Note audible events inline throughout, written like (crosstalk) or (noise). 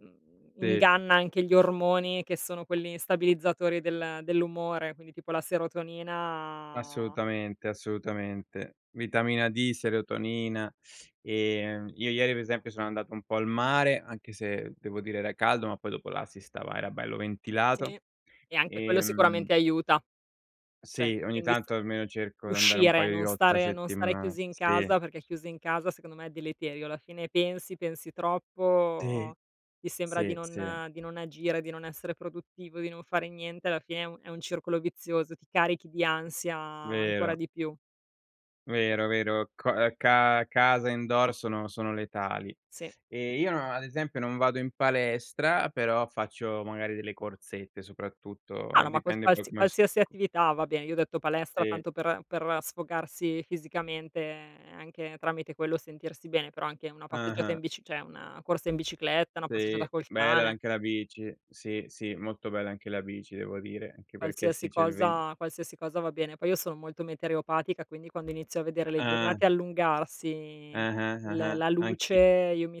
Mhmm, Sì. inganna anche gli ormoni che sono quelli stabilizzatori del dell'umore, quindi tipo la serotonina... Assolutamente, assolutamente. Vitamina D, serotonina. Ehm, io ieri per esempio sono andato un po' al mare, anche se devo dire era caldo, ma poi dopo là si stava era bello ventilato, Sì, e anche quello, ehm... sicuramente, aiuta, Sì, certo. ogni Quindi, s tanto almeno cerco di andare un uscire, paio di non volte la stare non stare settimana. chiusi in Sì. casa, perché chiusi in casa, secondo me, è deleterio. Alla fine, pensi, pensi Sì, troppo, ti sembra di sì, sì. non di non agire, di non essere produttivo, di non fare niente. Alla fine, è un è un circolo vizioso, ti carichi di ansia ancora Vero. di più. Vero, vero. Co ehm ca casa indoor sono, sono letali. Sì. E io non, ad esempio non vado in palestra, però faccio magari delle corsette soprattutto, Ah no, ma (unintelligible) dipende poi come st qualsiasi co attività va bene, io ho detto palestra Sì. tanto per per sfogarsi fisicamente anche tramite quello sentirsi bene, però anche una passeggiata Ah-ha. in bici, cioè una corsa in bicicletta, una Sì, passeggiata col bella cane. anche la bici. Sì, sì, molto bella anche la bici devo dire, anche perché Qualsiasi sì c'è il ven cosa, qualsiasi cosa va bene. Poi io sono molto meteoropatica, quindi quando inizio a vedere le Ah. giornate allungarsi l Ah-ah-ah-ah. la luce Anch'i io mi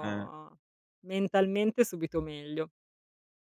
Ah. mentalmente subito meglio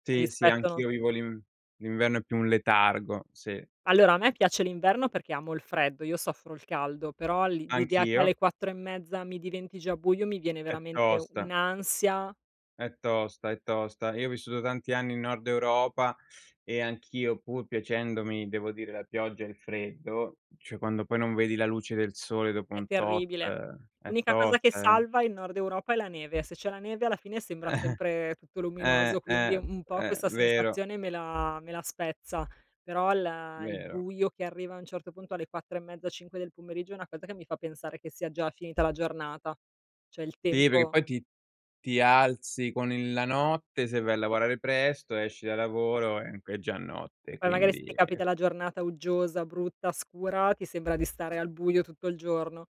Sì, sì, rispetto non s anch'io vivo l'in l'inverno è più un letargo, sì. Allora, a me piace l'inverno perché amo il freddo. Io soffro il caldo, però, l'i l'idea che Anch'io. alle 4 e mezza mi diventi già buio mi viene, È veramente, tosta. un'ansia. È tosta, è tosta. Io ho vissuto tanti anni in nord Europa e anch'io, pur piacendomi devo dire la pioggia e il freddo, cioè quando poi non vedi la luce del sole dopo È un tot, terribile. è L'unica cosa che tosta, eh. salva il nord Europa è la neve. Se c'è la neve, alla fine, sembra sempre (chuckles) tutto luminoso, quindi, Eh-eh, un po', eh, questa vero. sensazione me la me la spezza. Però, il il Vero. buio che arriva, a un certo punto, alle 4 e mezzo, 5 del pomeriggio, è una cosa che mi fa pensare che sia già finita la giornata. Cioè, il Sì, perché tempo. poi ti ti alzi con il la notte, se vai a lavorare presto, esci da lavoro ehm, è già notte, e Poi magari se ti quindi. capita la giornata uggiosa, brutta, scura, ti sembra di stare al buio tutto il giorno.